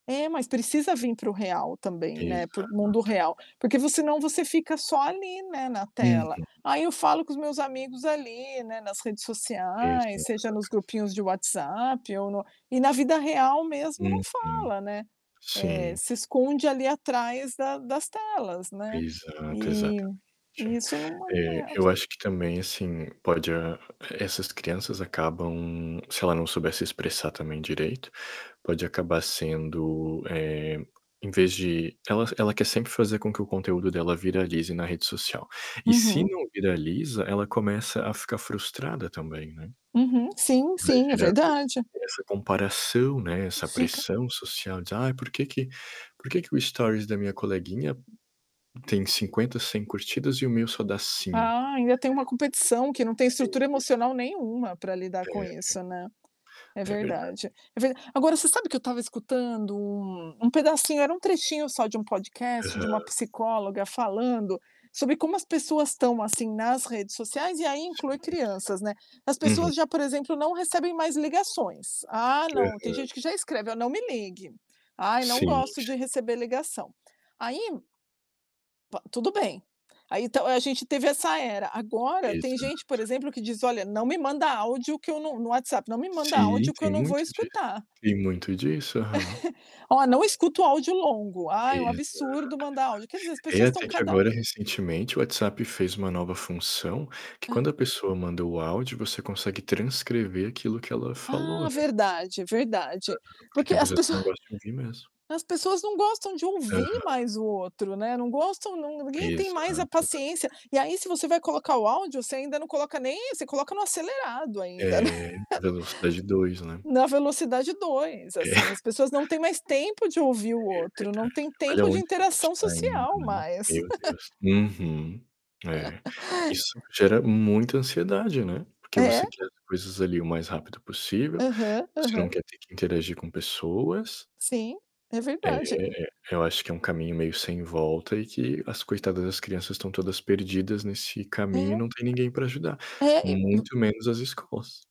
É, mas precisa vir para o real também, né, por Exato. mundo real, porque senão você fica só ali, né, na tela. Uhum. Aí eu falo com os meus amigos ali, né, nas redes sociais, Exato. seja nos grupinhos de WhatsApp ou no e na vida real mesmo não Uhum, fala, né, eh, sim. se esconde ali atrás da das telas, né? Exato, E exatamente. e isso Eh, eu [unintelligible] acho que, também, assim, pode, hã essas crianças acabam, se ela não souber se expressar, também, direito, pode acabar sendo, eh, em vez de ela ela quer sempre fazer com que o conteúdo dela viralize na rede social. E se Uhum. não viraliza, ela começa a ficar frustrada, também, né? Uhum, sim, Vai sim é gerando esse verdade. essa comparação, né, essa Fica pressão social de, "Ai, porque que porque que o story da minha coleguinha tem 50, 100 curtidas e o meu só dá 5?" Ah, ainda tem uma competição que não tem estrutura Existe. emocional nenhuma pra lidar É com ver isso, né. É É verdade. verdade, é ve agora você sabe que eu estava escutando um um pedacinho, era um trechinho só de um podcast, de uma Aham. psicóloga falando sobre como as pessoas, estão, assim, nas redes sociais, e aí Sim, inclui sim. crianças, né. As Uhum. pessoas já, por exemplo, não recebem mais ligações, ah, não, tem Aham. gente que já escreve: "Ó, não me ligue. Ai, não Sim, gosto sim. de receber ligação". Aí to tudo bem. Aí, então, a gente teve essa era, agora tem gente, por Exato. exemplo, que diz: "Olha, não me manda áudio que no no WhatsApp, não me manda Sim, áudio que eu tem não vou muito disso. escutar". Tem muito disso, aham. "Ó, não escuto áudio longo", "Ai, é um Exato, absurdo mandar exato. áudio", quer dizer, as É, pessoas estão até que cada agora recentemente o WhatsApp fez uma nova função, que quando Hã. a pessoa manda o áudio você consegue transcrever aquilo que ela falou, Ah, né. verdade, verdade. Aham, porque Porque tem as pessoas que pessoa não gostam de ouvir mesmo. as pessoas não gostam de ouvir Aham. mais o outro, né, não gostam não não ninguém tem mais a Exato, paciência, exatamente. e aí se você vai colocar o áudio você ainda não coloca nem você coloca no acelerado ainda, né Eh, na velocidade 2, né? na velocidade 2, assim, as É. pessoas não têm mais tempo de ouvir o É outro, não verdade, têm olha tempo de aonde que a gente interação tá indo, social né, mais. meu Deus! Uhum, é, isso gera muita ansiedade, né, porque você É. quer as coisas, ali, o mais rápido possível, Aham, você não aham. quer ter que interagir com pessoas Sim, é É verdade. é, eu acho que é um caminho meio sem volta e que as coitadas das crianças estão todas perdidas nesse caminho e É. não tem ninguém pra ajudar, É, e vu muito menos as escolas.